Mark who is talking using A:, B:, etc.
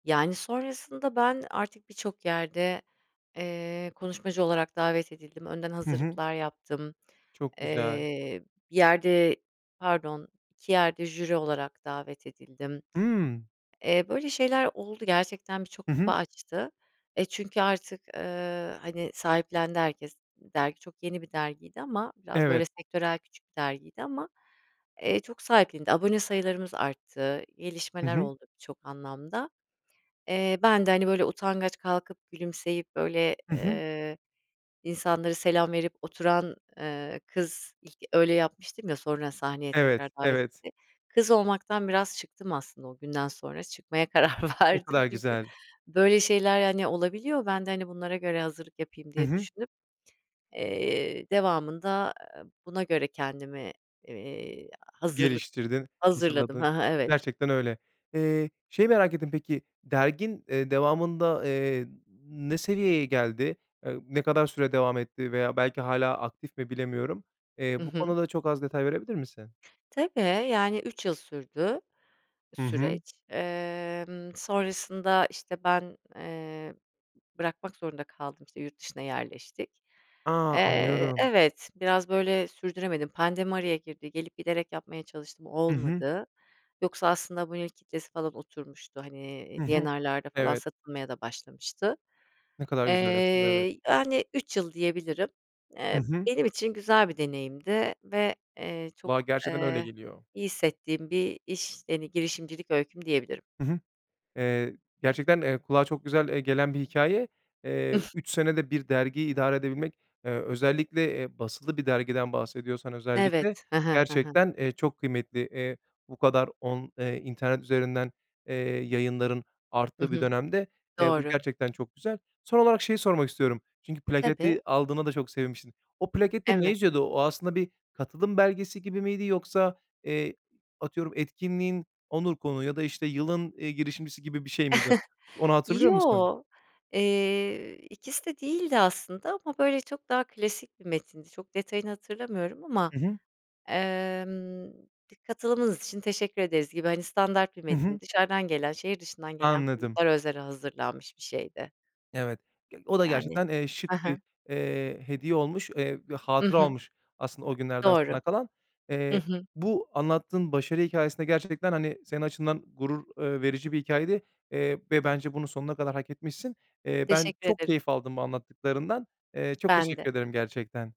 A: Yani, sonrasında ben artık birçok yerde, ııı, konuşmacı olarak davet edildim. Önden
B: Hı hı.
A: hazırlıklar yaptım.
B: Çok güzel.
A: Eee, bir yerde, pardon, 2 yerde jüri olarak davet edildim.
B: Hımm.
A: Eee, böyle şeyler oldu. Gerçekten birçok
B: Hı
A: kapı
B: hı.
A: açtı. E, çünkü artık, ııı, hani, sahiplendi herkes. Dergi çok yeni bir dergiydi ama biraz böyle
B: Evet.
A: sektörel, küçük bir dergiydi. Ama, eee, çok sahiplendi. Abone sayılarımız arttı,
B: Hı
A: gelişmeler
B: hı.
A: oldu birçok anlamda. Eee, ben de, hani, böyle utangaç, kalkıp gülümseyip böyle,
B: Hı hı.
A: ııı, insanlara selam verip oturan, ııı, kız, ilk öyle yapmıştım ya, sonra sahneye
B: Evet,
A: tekrar davet
B: evet.
A: edildiğim kız olmaktan biraz çıktım aslında o günden sonra. Çıkmaya karar
B: Ne
A: verdim
B: kadar
A: çünkü
B: güzel.
A: böyle şeyler, hani, olabiliyor. Ben de, hani, bunlara göre hazırlık yapayım
B: Hı
A: diye
B: hı.
A: düşünüp, eee, devamında, aaa, buna göre kendimi, eee, hazırlık,
B: Geliştirdin,
A: hazırladım. Hı
B: hazırladın.
A: hı, evet.
B: Gerçekten öyle. Eee, şeyi merak ettim. Peki, dergin, iii, devamında, ııı, n ne seviyeye geldi? Iıı, ne kadar süre devam etti veya belki hâlâ aktif mi, bilemiyorum.
A: Hı
B: Eee, bu
A: hı.
B: konuda çok az detay verebilir misin?
A: Tabii, yani 3 yıl sürdü
B: Hı hı.
A: süreç. Imm, sonrasında işte ben, ııı, b bırakmak zorunda kaldım. İşte, yurt dışına yerleştik.
B: A!
A: Eee,
B: Anlıyorum.
A: evet, biraz böyle sürdüremedim. Pandemi araya girdi. Gelip giderek yapmaya çalıştım,
B: Hı hı.
A: olmadı. Yoksa aslında bunun ilk kitlesi falan oturmuştu. Hani,
B: Hı hı.
A: D&R'larda falan
B: Evet.
A: satılmaya da başlamıştı.
B: Ne kadar güzel aslında, evet.
A: Eee, yani 3 yıl diyebilirim.
B: Hı
A: Eee,
B: hı.
A: benim için güzel bir deneyimdi ve, eee, çok,
B: Vallahi gerçekten öyle
A: ııı,
B: geliyor.
A: iyi hissettiğim bir iş. Hani, girişimcilik öyküm diyebilirim.
B: Hı hı. Eee, gerçekten, eee, kulağa çok güzel, eee, gelen bir hikâye. Eee, 3 senede bir dergiyi idare edebilmek, eee, özellikle, eee, basılı bir dergiden bahsediyorsan, özellikle
A: Evet. Hı hı, hı hı.
B: gerçekten, eee, çok kıymetli. Eee, bu kadar, on ııı, internet üzerinden, eee, yayınların
A: Hı
B: arttığı bir
A: hı.
B: dönemde. Eee, bu
A: Doğru.
B: gerçekten çok güzel. Son olarak şeyi sormak istiyorum. Çünkü
A: Tabii.
B: plaketi aldığına da çok sevinmişsin. O plakette ne
A: Evet.
B: yazıyordu? O aslında bir katılım belgesi gibi miydi yoksa, eee, atıyorum, etkinliğin onur konuğu ya da işte yılın, eee, girişimcisi gibi bir şey miydi? Ş onu hatırlıyor musun?
A: Yo, eee, ikisi de değildi aslında ama böyle çok daha klasik bir metindi çok detayını hatırlamıyorum ama
B: Hı hı.
A: ımm katılımınız için teşekkür ederiz gibi, hani, standart bir
B: Hı hı.
A: metin dışarıdan gelen şehir dışından gelen
B: Anladım.
A: konuklara özel hazırlanmış bir şeydi.
B: Evet, ge o
A: Y
B: da
A: yani.
B: gerçekten, eee,
A: Hı
B: şık bir,
A: hı.
B: eee, hediye olmuş. Eee, bir
A: Hı
B: hatıra
A: hı.
B: olmuş aslında o günlerden
A: Doğru.
B: sana kalan.
A: Hı
B: Eee,
A: hı.
B: bu anlattığın başarı hikâyesi de gerçekten, hani, senin açından gurur, ııı, verici bir hikâyeydi. Eee, ve bence bunu sonuna kadar hak etmişsin. Eee, ben
A: Teşekkür
B: çok
A: ederim.
B: keyif aldım bu anlattıklarından. Eee, çok
A: Ben de.
B: teşekkür ederim gerçekten.